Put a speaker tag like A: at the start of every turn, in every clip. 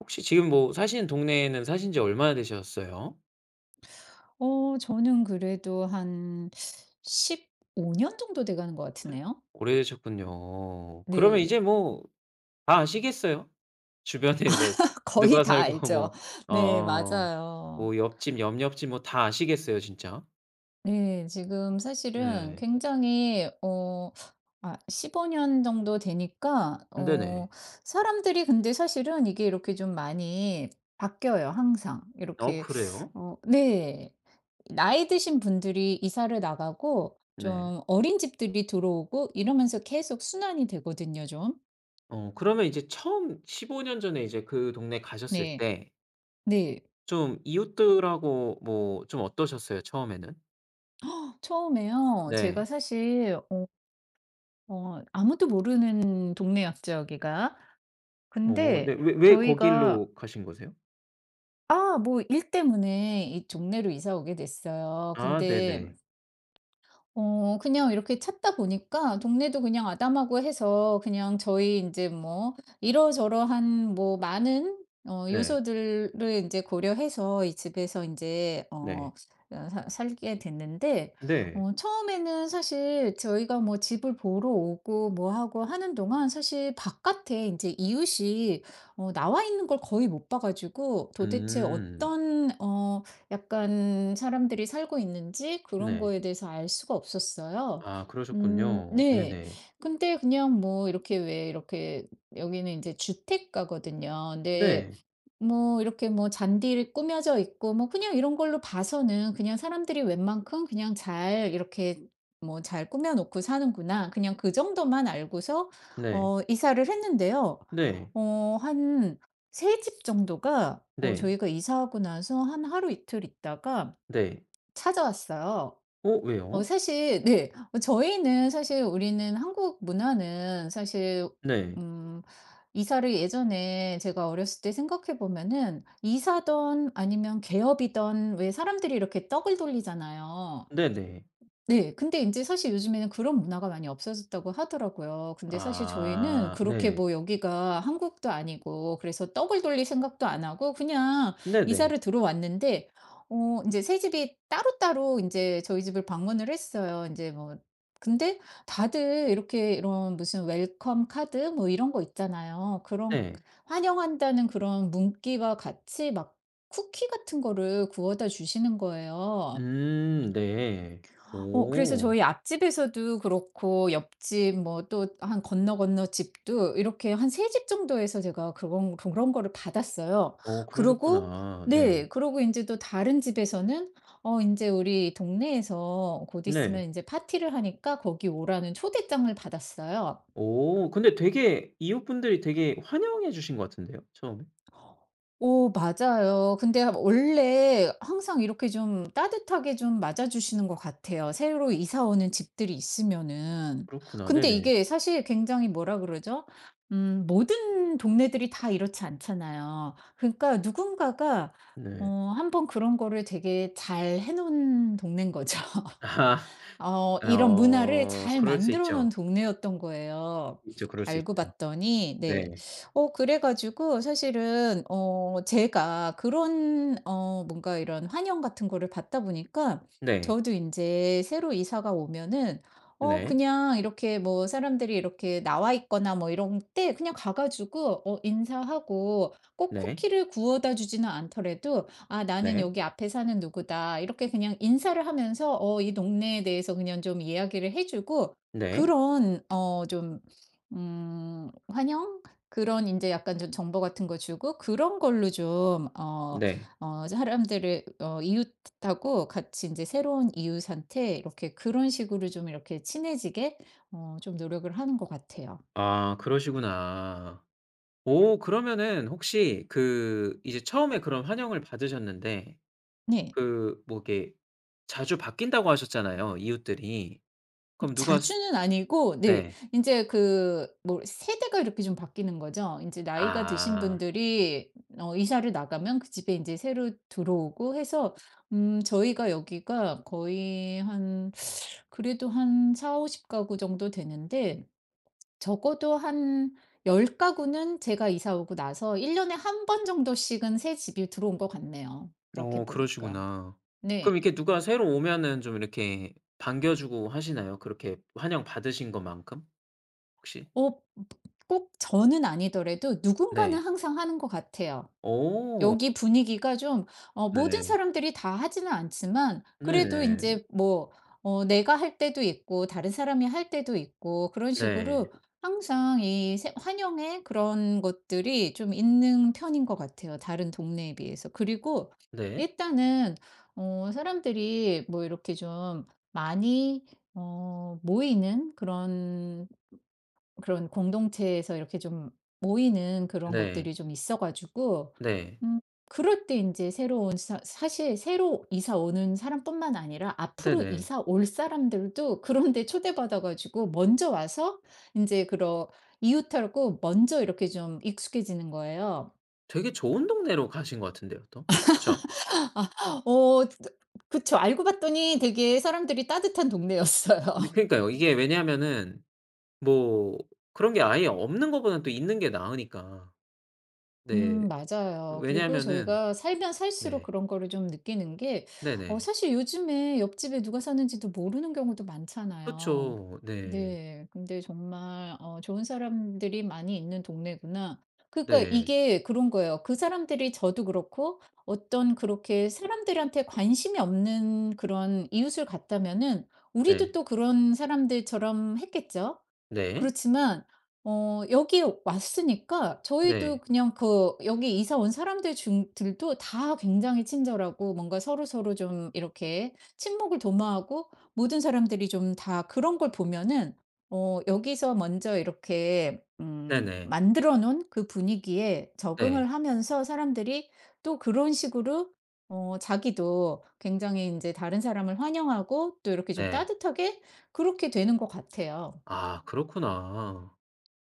A: 혹시 지금 뭐 사시는 동네에는 사신 지 얼마나 되셨어요?
B: 어 저는 그래도 한 15 년 정도 돼가는 것
A: 에.
B: 같으네요.
A: 오래되셨군요. 그러면
B: 네.
A: 이제 뭐 다 아시겠어요? 주변에 뭐
B: 거의
A: 누가
B: 다
A: 살고
B: 알죠.
A: 뭐
B: 네
A: 어
B: 맞아요.
A: 뭐 옆집, 옆 옆집 뭐 다 아시겠어요, 진짜?
B: 네. 지금 사실은
A: 네.
B: 굉장히 어 아 15 년 정도 되니까 어
A: 네네.
B: 사람들이 근데 사실은 이게 이렇게 좀 많이 바뀌어요, 항상.
A: 어
B: 이렇게
A: 그래요?
B: 어 네. 나이 드신 분들이 이사를 나가고
A: 네.
B: 좀 어린 집들이 들어오고 이러면서 계속 순환이 되거든요, 좀.
A: 어 그러면 인제 처음 15 년 전에 이제 그 동네 가셨을
B: 네.
A: 때
B: 네.
A: 좀 이웃들하고 뭐 좀 어떠셨어요? 처음에는?
B: 어, 처음에요? 제가
A: 네.
B: 사실 어 어 아무도 모르는 동네였죠, 여기가.
A: 어 네.
B: 근데
A: 왜 왜
B: 저희가
A: 거기로 가신 거세요?
B: 아, 뭐 일 때문에 이 동네로 이사 오게 됐어요.
A: 아
B: 근데
A: 네네.
B: 어 그냥 이렇게 찾다 보니까 동네도 그냥 아담하고 해서 그냥 저희 인제 뭐 이러저러한 뭐 많은 어
A: 네.
B: 요소들을 인제 고려해서 이 집에서 인제
A: 네.
B: 어 그니까 사 살게 됐는데
A: 네.
B: 어 처음에는 사실 저희가 뭐 집을 보러 오고 뭐 하고 하는 동안 사실 바깥에 인제 이웃이 어 나와있는 걸 거의 못 봐 가지고 도대체
A: 음.
B: 어떤 어 약간 사람들이 살고 있는지 그런
A: 네.
B: 거에 대해서 알 수가 없었어요.
A: 아
B: 음
A: 그러셨군요.
B: 네.
A: 네네.
B: 근데 그냥 뭐 이렇게 왜 이렇게 여기는 인제 주택가거든요. 네.
A: 네.
B: 뭐 이렇게 뭐 잔디를 꾸며져 있고 뭐 그냥 이런 걸로 봐서는 그냥 '사람들이 웬만큼 그냥 잘 이렇게 뭐 잘 꾸며 놓고 사는구나.' 그냥 그 정도만 알고서
A: 네.
B: 어 이사를 했는데요.
A: 네.
B: 어 한 3 집 정도가 어
A: 네.
B: 저희가 이사하고 나서 한 하루이틀 있다가
A: 네.
B: 찾아왔어요.
A: 어
B: 어
A: 왜요?
B: 사실 네. 어 저희는 사실 우리는 한국 문화는 사실
A: 네.
B: 음 이사를 예전에 제가 어렸을 때 생각해 보면은 이사든 아니면 개업이든 왜 사람들이 이렇게 떡을 돌리잖아요.
A: 네네.
B: 네, 근데 인제 사실 요즘에는 그런 문화가 많이 없어졌다고 하더라고요. 근데 사실 저희는
A: 아
B: 그렇게
A: 네.
B: 뭐 여기가 한국도 아니고 그래서 떡을 돌릴 생각도 안 하고 그냥
A: 네네.
B: 이사를 들어왔는데 어 인제 3 집이 따로따로 인제 저희 집을 방문을 했어요. 인제 뭐 근데 다들 이렇게 이런 무슨 웰컴 카드 뭐 이런 거 있잖아요. 그런
A: 네.
B: 환영한다는 그런 문구와 같이 막 쿠키 같은 거를 구워다 주시는 거예요.
A: 음 네.
B: 어 그래서
A: 오.
B: 저희 앞집에서도 그렇고 옆집 뭐 또 한 건너건너집도 이렇게 한 3 집 정도에서 제가 그런 그런 거를 받았어요.
A: 어
B: 그러고
A: 그러셨구나.
B: 네
A: 네.
B: 그러고 인제 또 다른 집에서는 어 인제 우리 동네에서 곧 있으면
A: 네.
B: 인제 파티를 하니까 거기 오라는 초대장을 받았어요.
A: 오 근데 되게 이웃분들이 되게 환영해 주신 것 같은데요, 처음에.
B: 오 맞아요. 근데 하 원래 항상 이렇게 좀 따뜻하게 좀 맞아 주시는 것 같아요. 새로 이사 오는 집들이 있으면은.
A: 그렇구나.
B: 근데
A: 네네.
B: 이게 사실 굉장히 뭐라 그러죠? 음 모든 동네들이 다 이렇지 않잖아요. 그러니까 누군가가 어
A: 네.
B: 1 번 그런 거를 되게 잘해 놓은 동네인 거죠.
A: 아.
B: 어.
A: 아
B: 이런 문화를
A: 어.
B: 잘
A: 그럴 수
B: 만들어 놓은
A: 있죠.
B: 동네였던 거예요.
A: 있죠. 그럴 수
B: 알고
A: 있죠.
B: 봤더니 네.
A: 네.
B: 어 그래 가지고 사실은 어 제가 그런 어 뭔가 이런 환영 같은 거를 받다 보니까
A: 네.
B: 저도 인제 새로 이사가 오면은 어
A: 네.
B: 그냥 이렇게 뭐 사람들이 이렇게 나와 있거나 뭐 이럴 때 그냥 가 가지고 어 인사하고 꼭
A: 네.
B: 쿠키를 구워다 주지는 않더라도 "아 나는
A: 네.
B: 여기 앞에 사는 누구다." 이렇게 그냥 인사를 하면서 어 이 동네에 대해서 그냥 좀 이야기를 해 주고
A: 네.
B: 그런 어 좀 음 환영? 그런 인제 약간 좀 정보 같은 거 주고 그런 걸로 좀 어
A: 네.
B: 어 사람들을 어 이웃하고 같이 인제 새로운 이웃한테 이렇게 그런 식으로 좀 이렇게 친해지게 어 좀 노력을 하는 것 같아요.
A: 아 그러시구나. 오, 그러면은 혹시 그 이제 처음에 그런 환영을 받으셨는데
B: 네.
A: 그 뭐 이렇게 자주 바뀐다고 하셨잖아요, 이웃들이.
B: 음
A: 그럼 누가 스
B: 자주는 아니고 네.
A: 네.
B: 인제 그 뭐 세대가 이렇게 좀 바뀌는 거죠. 인제 나이가 드신
A: 아.
B: 분들이 어 이사를 나가면 그 집에 인제 새로 들어오고 해서 음 저희가 여기가 거의 한 그래도 한 40-50 가구 정도 되는데 적어도 한 10 가구는 제가 이사 오고 나서 1 년에 1 번 정도씩은 새집이 들어온 것 같네요.
A: 어
B: 그렇게 보니까.
A: 그러시구나. 그럼
B: 네.
A: 이렇게 누가 새로 오면은 좀 이렇게 반겨주고 하시나요? 그렇게 환영받으신 것만큼 혹시?
B: 어 버 꼭 저는 아니더라도 누군가는
A: 네.
B: 항상 하는 것 같아요.
A: 오.
B: 여기 분위기가 좀 어 모든
A: 네.
B: 사람들이 다 하지는 않지만 그래도
A: 네.
B: 인제 뭐 어 내가 할 때도 있고 다른 사람이 할 때도 있고 그런
A: 네.
B: 식으로 항상 이 새 환영의 그런 것들이 좀 있는 편인 것 같아요. 다른 동네에 비해서. 그리고
A: 네.
B: 일단은 어 사람들이 뭐 이렇게 좀 많이 어 모이는 그런 그런 공동체에서 이렇게 좀 모이는 그런
A: 네.
B: 것들이 좀 있어 가지고
A: 네.
B: 음 그럴 때 인제 새로 온 사 사실 새로 이사 오는 사람뿐만 아니라 앞으로
A: 네네.
B: 이사 올 사람들도 그런 데 초대받아 가지고 먼저 와서 인제 그런 이웃하고 먼저 이렇게 좀 익숙해지는 거예요.
A: 되게 좋은 동네로 가신 것 같은데요, 또. 그쵸?
B: 아. 어 드 그쵸. 알고 봤더니 되게 사람들이 따뜻한 동네였어요.
A: 네 그러니까요. 이게 왜냐하면은 뭐 그런게 아예 없는 것보다는 또 있는 게 나으니까. 네.
B: 음 맞아요. 그리고
A: 왜냐하면은
B: 저희가 살면 살수록
A: 네.
B: 그런 거를 좀 느끼는 게 어
A: 네네.
B: 사실 요즘에 옆집에 누가 사는지도 모르는 경우도 많잖아요.
A: 그쵸. 네.
B: 네. 근데 정말 '어 좋은 사람들이 많이 있는 동네구나.' 그러니까
A: 네.
B: 이게 그런 거예요. 그 사람들이 저도 그렇고 어떤 그렇게 사람들한테 관심이 없는 그런 이웃을 갔다면은 우리도
A: 네.
B: 또 그런 사람들처럼 했겠죠?
A: 네.
B: 그렇지만 어. 여기 왔으니까 저희도
A: 네.
B: 그냥 그 여기 이사 온 사람들 중 들도 다 굉장히 친절하고 뭔가 서로서로 좀 이렇게 친목을 도모하고 모든 사람들이 좀 다 그런 걸 보면은 어 여기서 먼저 이렇게 음
A: 네네.
B: 만들어 놓은 그 분위기에 적응을
A: 네.
B: 하면서 사람들이 또 그런 식으로 어 자기도 굉장히 인제 다른 사람을 환영하고 또 이렇게 좀
A: 네.
B: 따뜻하게 그렇게 되는 것 같아요.
A: 아 그렇구나.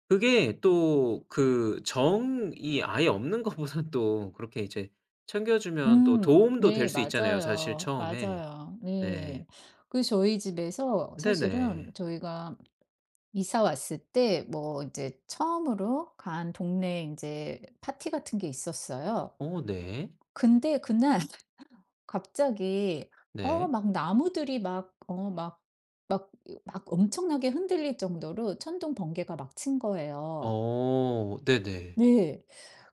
A: 그게 또 그 정이 아예 없는 것보다는 또 그렇게 이제 챙겨 주면 또
B: 음.
A: 도움도 될
B: 네
A: 수 있잖아요, 사실
B: 맞아요,
A: 처음에.
B: 맞아요.
A: 네.
B: 네. 그래서 저희 집에서
A: 네네.
B: 사실은 저희가 이사 왔을 때 뭐 인제 처음으로 간 동네 인제 파티 같은 게 있었어요.
A: 어 네.
B: 근데 그날 갑자기 어
A: 네.
B: 막 나무들이 막 어 막 막 어 막 엄청나게 흔들릴 정도로 천둥 번개가 막 친 거예요.
A: 어 네네.
B: 네.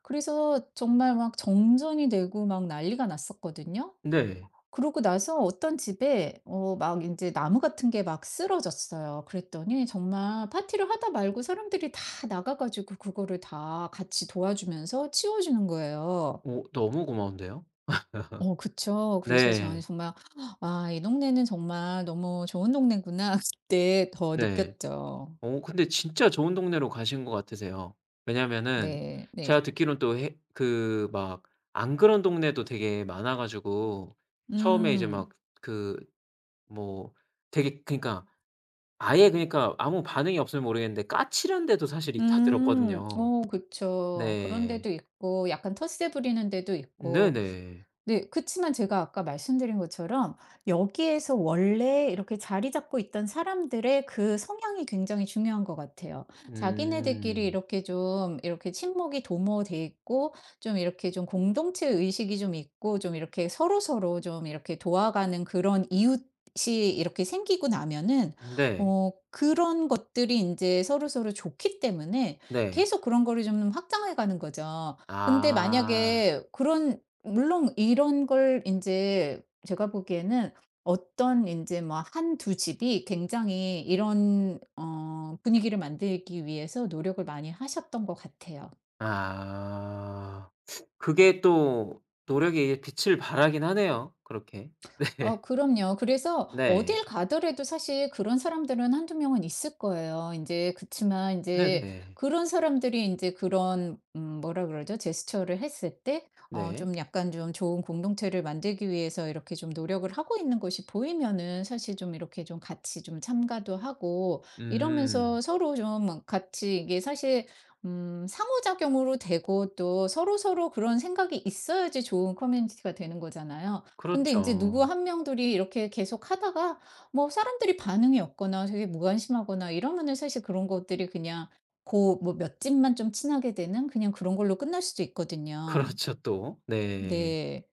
B: 그래서 정말 막 정전이 되고 막 난리가 났었거든요.
A: 네.
B: 그러고 나서 어떤 집에 어 막 인제 나무 같은 게 막 쓰러졌어요. 그랬더니 정말 파티를 하다 말고 사람들이 다 나가 가지고 그거를 다 같이 도와주면서 치워 주는 거예요.
A: 어 너무 고마운데요.
B: 어 그쵸. 그래서 저는
A: 네.
B: 정말 '와 이 동네는 정말 너무 좋은 동네구나.' 그때 더
A: 네.
B: 느꼈죠.
A: 어 근데 진짜 좋은 동네로 가신 것 같으세요. 왜냐하면은
B: 네 네.
A: 제가 듣기로는 또 해 그 막 안 그런 동네도 되게 많아 가지고 처음에 이제
B: 음.
A: 막 그 뭐 되게 그러니까 아예 그러니까 아무 반응이 없으면 모르겠는데 "까칠한 데도 사실 있다."
B: 음.
A: 들었거든요.
B: 어 그쵸. 그런
A: 네.
B: 데도 있고 약간 텃세 부리는 데도 있고.
A: 네네.
B: 네. 그치만 제가 아까 말씀드린 것처럼 여기에서 원래 이렇게 자리 잡고 있던 사람들의 그 성향이 굉장히 중요한 것 같아요. 자기네들끼리
A: 음.
B: 이렇게 좀 이렇게 친목이 도모돼 있고 좀 이렇게 좀 공동체 의식이 좀 있고 좀 이렇게 서로서로 좀 이렇게 도와가는 그런 이웃이 이렇게 생기고 나면은
A: 네.
B: 어 그런 것들이 인제 서로서로 좋기 때문에
A: 네.
B: 계속 그런 거를 좀 확장해 가는 거죠. 근데
A: 아.
B: 만약에 그런 물론 이런 걸 인제 제가 보기에는 어떤 인제 뭐 한 2 집이 굉장히 이런 어 분위기를 만들기 위해서 노력을 많이 하셨던 것 같아요.
A: 아. 그게 또 노력이 빛을 발하긴 하네요 그렇게. 네.
B: 아 그럼요. 그래서
A: 네.
B: 어딜 가더라도 사실 그런 사람들은 1-2 명은 있을 거예요, 인제. 그치만 인제
A: 네네.
B: 그런 사람들이 인제 그런 음 뭐라 그러죠? 제스처를 했을 때 어
A: 네.
B: 좀 약간 좀 좋은 공동체를 만들기 위해서 이렇게 좀 노력을 하고 있는 것이 보이면은 사실 좀 이렇게 좀 같이 좀 참가도 하고 이러면서
A: 음.
B: 서로 좀 뭐 같이 이게 사실 음 상호작용으로 되고 또 서로서로 그런 생각이 있어야지 좋은 커뮤니티가 되는 거잖아요. 근데 인제 누구
A: 그렇죠.
B: 1 명, 둘이 이렇게 계속 하다가 뭐 사람들이 반응이 없거나 되게 무관심하거나 이러면은 사실 그런 것들이 그냥 고 뭐 몇 집만 좀 친하게 되는 그냥 그런 걸로 끝날 수도 있거든요.
A: 그렇죠, 또. 네.
B: 네.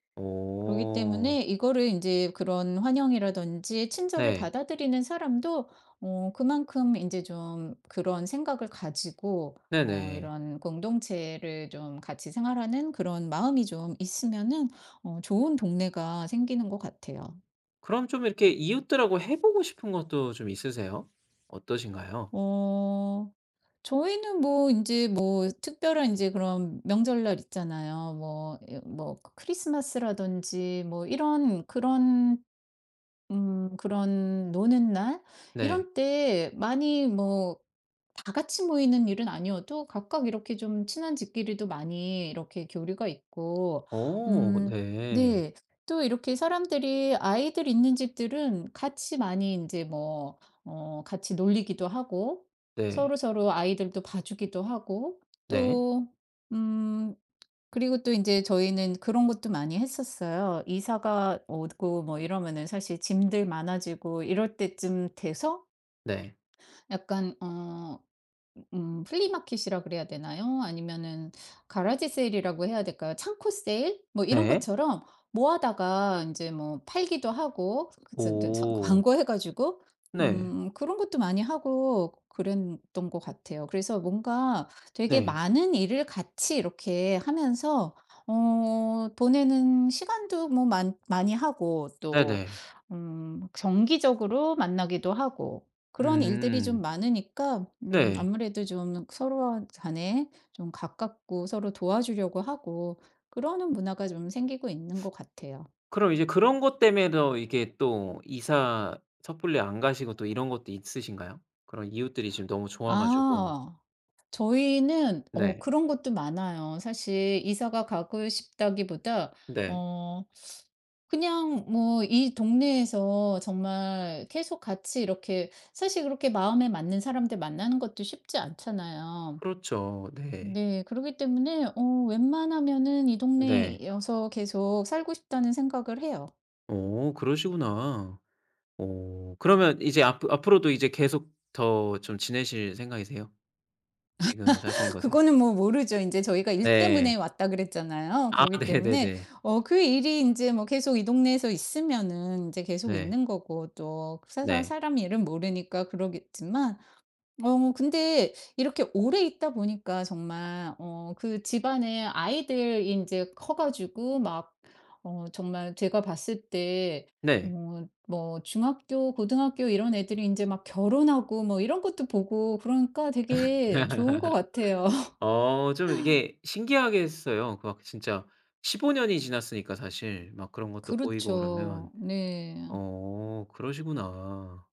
B: 그러기
A: 어.
B: 때문에 이거를 인제 그런 환영이라든지 친절을
A: 네.
B: 받아들이는 사람도 어 그만큼 인제 좀 그런 생각을 가지고 어
A: 네네.
B: 이런 공동체를 좀 같이 생활하는 그런 마음이 좀 있으면은 어 좋은 동네가 생기는 것 같아요.
A: 그럼 좀 이렇게 이웃들하고 해 보고 싶은 것도 좀 있으세요? 어떠신가요?
B: 어. 저희는 뭐 인제 뭐 특별한 인제 그런 명절날 있잖아요. 뭐 이 뭐 크리스마스라든지 뭐 이런 그런 음 그런 노는 날
A: 네.
B: 이런 때 많이 뭐 다 같이 모이는 일은 아니어도 각각 이렇게 좀 친한 집끼리도 많이 이렇게 교류가 있고
A: 어
B: 음
A: 네.
B: 네 또 이렇게 사람들이 아이들 있는 집들은 같이 많이 인제 뭐 어 같이 놀리기도 하고
A: 네.
B: 서로서로 아이들도 봐주기도 하고.
A: 네.
B: 또 음 그리고 또 인제 저희는 그런 것도 많이 했었어요. 이사가 오고 뭐 이러면은 사실 짐들 많아지고 이럴 때쯤 돼서
A: 네.
B: 약간 어 음 플리마켓 이라 그래야 되나요? 아니면은 가라지 세일 이라고 해야 될까요? 창고 세일? 뭐 이런
A: 네.
B: 것처럼 모아다가 인제 뭐 팔기도 하고 그 즈 스 서
A: 오.
B: 광고해 가지고
A: 네.
B: 음 그런 것도 많이 하고 그랬던 것 같아요. 그래서 뭔가 되게
A: 네.
B: 많은 일을 같이 이렇게 하면서 어, 보내는 시간도 뭐 많 많이 하고 또
A: 네네.
B: 음 정기적으로 만나기도 하고 그런 일들이 좀
A: 음.
B: 많으니까 음
A: 네.
B: 아무래도 좀 서로 간에 좀 가깝고 서로 도와주려고 하고 그러는 문화가 좀 생기고 있는 것 같아요.
A: 그럼, 이제 그런 것 때문에 더 이게 또 이사 섣불리 안 가시고 또 이런 것도 있으신가요? 그런 이웃들이 지금 너무 좋아 가지고.
B: 아. 저희는 어
A: 네.
B: 그런 것도 많아요. 사실 이사가 가고 싶다기보다
A: 네.
B: 어 그냥 뭐 이 동네에서 정말 계속 같이 이렇게 사실 그렇게 마음에 맞는 사람들 만나는 것도 쉽지 않잖아요.
A: 그렇죠. 네.
B: 네, 그러기 때문에 어 웬만하면은 이
A: 네.
B: 동네여서 계속 살고 싶다는 생각을 해요.
A: 어, 그러시구나. 어, 그러면 이제 앞으 앞으로도 이제 계속 더 좀 지내실 생각이세요? 지금 사시는 곳에
B: 그거는 뭐 뭐 모르죠. 인제 저희가 "일 때문에
A: 네.
B: 왔다." 그랬잖아요.
A: 아
B: 그러기 때문에
A: 네네네.
B: 어 그 일이 인제 뭐 계속 이 동네에서 있으면은 인제 계속
A: 네.
B: 있는 거고 또 그 사람
A: 네.
B: 사람 일은 모르니까 그러겠지만. 어 근데 이렇게 오래 있다 보니까 정말 어 그 집안의 아이들이 인제 커 가지고 막 어 정말 제가 봤을 때
A: 네.
B: 어 뭐 중학교, 고등학교 이런 애들이 인제 막 결혼하고 뭐 이런 것도 보고 그러니까 되게 좋은 것 같아요.
A: 어 좀 이게 신기하겠어요, 그 막 진짜 15 년이 지났으니까 사실 막 그런 것도 보이고 그러면.
B: 그렇죠. 네.
A: 어 그러시구나.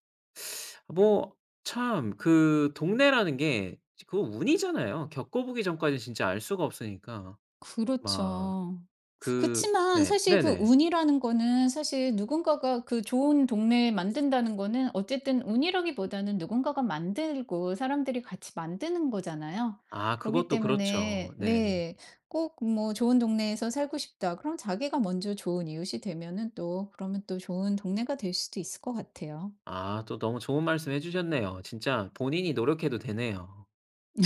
A: 뭐 참 그 동네라는 게 그 운이잖아요. 겪어 보기 전까지 진짜 알 수가 없으니까 막
B: 그렇죠.
A: 그
B: 그치만
A: 네.
B: 사실 그
A: 네네.
B: 운이라는 거는 사실, 누군가가 그 좋은 동네 만든다는 거는 어쨌든 운이라기보다는 누군가가 만들고 사람들이 같이 만드는 거잖아요.
A: 아
B: 그렇기
A: 그것도 그렇죠.
B: 때문에
A: 네.
B: 네, 꼭 뭐 '좋은 동네에서 살고 싶다.' 그럼 자기가 먼저 좋은 이웃이 되면은 또 그러면 또 좋은 동네가 될 수도 있을 것 같아요.
A: 아 또 너무 좋은 말씀 해 주셨네요. 진짜 본인이 노력해도 되네요.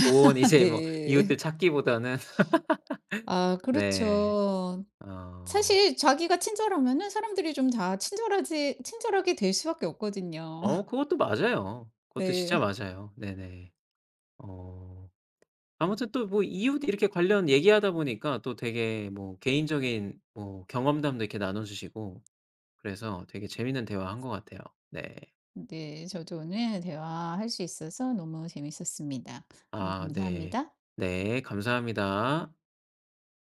A: 좋은 이제 뭐
B: 네.
A: 이웃들 찾기보다는.
B: 아
A: 네.
B: 그렇죠.
A: 어.
B: 사실 자기가 친절하면은 사람들이 좀 다 친절하지 친절하게 될 수밖에 없거든요.
A: 어 그것도 맞아요. 그것도 진짜
B: 네.
A: 맞아요. 네네. 어 아무튼 또 뭐 이웃 이렇게 관련 얘기하다 보니까 또 되게 뭐 개인적인 뭐 경험담도 이렇게 나눠 주시고 그래서 되게 재미있는 대화한 것 같아요. 네.
B: 네. 저도 오늘 대화할 수 있어서 너무 재밌었습니다. 오늘
A: 아 네.
B: 감사합니다.
A: 네. 감사합니다.